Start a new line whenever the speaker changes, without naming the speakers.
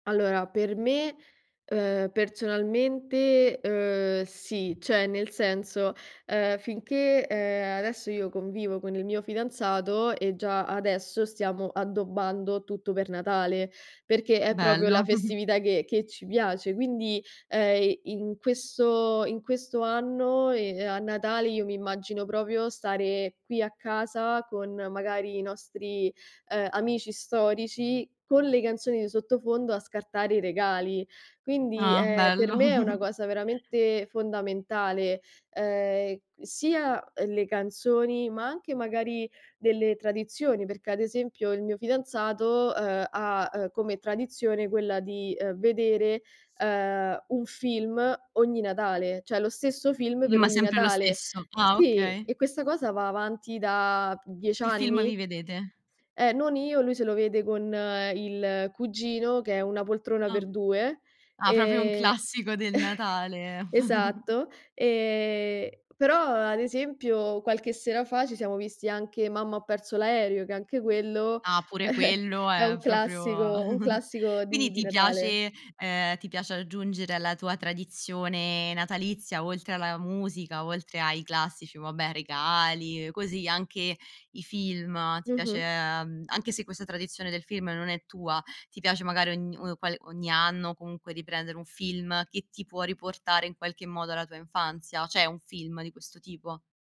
Allora, per me, ehm, personalmente, uhm, sì, cioè nel senso, uhm, finché, ehm, adesso io convivo con il mio fidanzato e già adesso stiamo addobbando tutto per Natale, perché è proprio la
Bello.
festività che che ci piace. Quindi, ehm, i in questo in questo anno, e a Natale, io mi immagino proprio stare qui a casa con magari i nostri, ehm, amici storici, con le canzoni di sottofondo a scartare i regali. Quindi,
Ah
ehm, per
bello.
me, è una cosa veramente fondamentale, ehm, sia, ehm, le canzoni, ma anche magari delle tradizioni, perché ad esempio il mio fidanzato, uhm, ha, ehm, come tradizione quella di, ehm, vedere, ehm, un film ogni Natale, cioè lo stesso film
I
per
ma
ogni
sempre lo
Natale.
stesso. Ah
Sì,
okay.
e questa cosa va avanti da 10
Che film
anni?
vi vedete?
Eh, non io, lui se lo vede con il cugino che è "Una poltrona
Ah.
per due",
Ah proprio un
ehm
classico del Natale.
esatto. Ehm, però, ad esempio, qualche sera fa ci siamo visti anche "Mamma ho perso l'aereo", che anche quello
Ah pure quello
è
è
un
proprio
classico un classico
quindi
di di
ti
Natale.
piace, ehm, ti piace aggiungere alla tua tradizione natalizia, oltre alla musica, oltre ai classici vabbè, regali, così, anche i film, ti piace,
Mh-mh.
mhmm, anche se questa tradizione del film non è tua, ti piace magari ogn uhm, qual ogni anno comunque riprendere un film che ti può riportare in qualche modo alla tua infanzia? C'è un film di questo tipo?